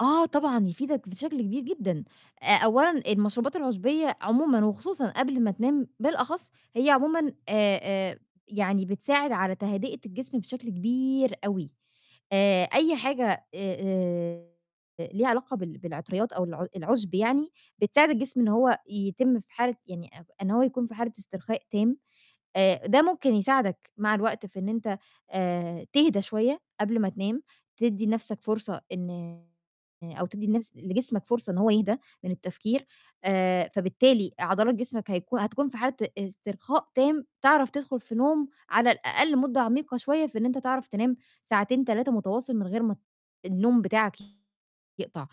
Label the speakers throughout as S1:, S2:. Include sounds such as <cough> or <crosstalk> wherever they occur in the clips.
S1: آه، طبعًا، يفيدك بشكل كبير جدًا. آآ، أولًا المشروبات العُشبية عمومًا وخصوصًا قبل ما تنام بالأخص، هي عمومًا آآ آآ، يعني بتساعد على تهدئة الجسم بشكل كبير أوي. آآ آآ ليها علاقة بال بالعطريات أو الع العُشب يعني بتساعد الجسم إن هو يتم في حالة يعني أ إن هو يكون في حالة استرخاء تام. آآ، ده ممكن يساعدك مع الوقت في إن أنت آآ، تهدى شوية قبل ما تنام، تدّي نَفْسك فرصة إن أو تدّي نفس لجسمك فرصة إن هو يهدى من التفكير، آآ، فبالتالي عضلات جسمك هيكون هتكون في حالة استرخاء تام، تعرف تدخُل في نوم على الأقل مدة عميقة شوية في إن أنت تعرف تنام ساعتين، 3 متواصل من غير ما ت النوم بتاعك يقطع.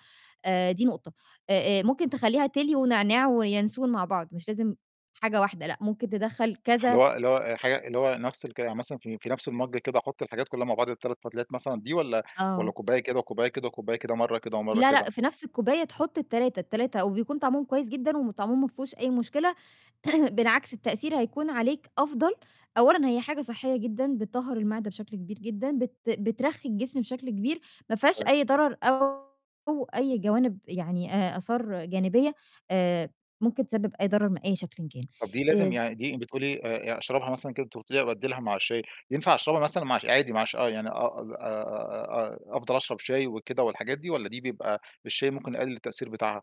S1: آآ، دي نقطة. آآ آآ، ممكن تخلّيها تِلي ونعناع وينسون مع بعض، مش لازم حاجة واحدة، لأ، ممكن تدخّل
S2: هل
S1: كذا
S2: هو اللي هو حاجة اللي هو نَفْس الكلام، يعني مثلًا في في نَفْس المَج كده آحُط الحاجات كُلّها مع بعض، ال3 فتلات مثلًا دي والّا والّا
S1: آه.
S2: كوباية كده وكوبّاية كده وكوبّاية كده، مرّة كده ومرّة
S1: لأ، لأ،
S2: كده؟
S1: في نَفْس الكوبّاية تحُط ال3، ال3 وبيكون طعمهم كويس جدًا وطعمهم ما فيهوش أي مشكلة. <clears throat> بالعكس التأثير هيكون عليك أفضل. أولًا، هي حاجة صحّية جدًا بتطهّر المِعدة بشكل كبير جدًا، بت بترخّي الجسم بشكل كبير، ما فيهاش أي
S2: كويس.
S1: ضرر أو أي جوانب يعني آآ، آثار جانبية آآ ممكن تسبب أي ضرر من أي شكلٍ كان.
S2: طَب دي لازم
S1: آآ
S2: يعني دي بتقولي آآ، أشربها مثلًا كده، أنتِ قٌلتِ لي أبدّلها مع الشاي، ينفع أشربها مثلًا مع الش عادي مع ش آه، يعني آه، أظ أ أ أفضل أشرب شاي وكده والحاجات دي والّا دي بيبقى الشاي ممكن يقلِّل التأثير بتاعها؟